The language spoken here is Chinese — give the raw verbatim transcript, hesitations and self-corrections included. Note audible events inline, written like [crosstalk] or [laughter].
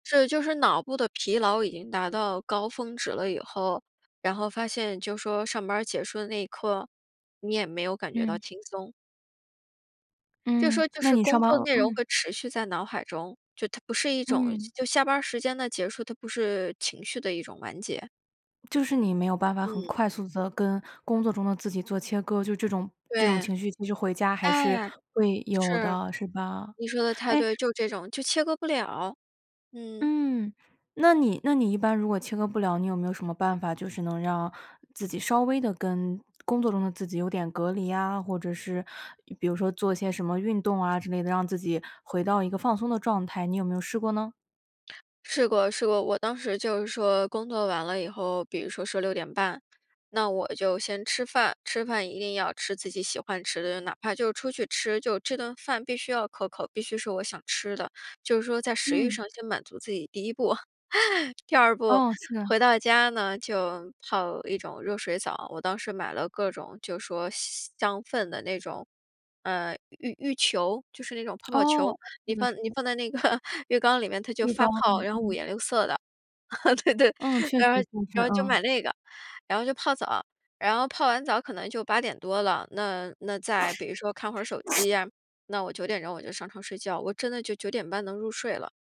是就是脑部的疲劳已经达到高峰值了以后，然后发现就说上班儿结束的那一刻，你也没有感觉到嗯。轻松。就嗯，说就那是你上工班作内容嗯。会持续在脑海中，就它不是一种，嗯。就下班儿时间的结束，它不是情绪的一种完结。就是你没有办法很嗯。快速地跟工作中的自己做切割，就这种这种对，情绪就是回家还是哎，会有是，的。是吧？你说得太哎对，就这种，就切割不了，嗯。嗯，那你那你一般如果切割不了，你有没有什么办法就是能让自己稍微地跟工作中的自己有点隔离啊，或者是比如说做些什么运动啊之类的，让自己回到一个放松的状态，你有没有试过呢？试过试过。我当时就是说工作完了以后，比如说说六点半，那我就先吃饭，吃饭一定要吃自己喜欢吃的，哪怕就出去吃，就这顿饭必须要可口，必须是我想吃的，就是说在食欲嗯。上先满足自己第一步。[chuckles] 第二步，哦，是。回到家呢，就泡一种热水澡，我当时买了各种就说香氛的那种，嗯，浴浴球，就是那种泡泡球，哦，是你的放是你的。放在那个浴缸里面，它就浴发缸，泡，嗯然后五嗯。颜六色的。[chuckles] 对对，嗯，确实然确后实，然后就嗯。买那个，然后就泡澡，然后泡完澡可能就八点多了。那那再，比如说看会儿手 [sneezes] 机，那我九点钟，我就上床睡觉，我真的就九点半能入睡了。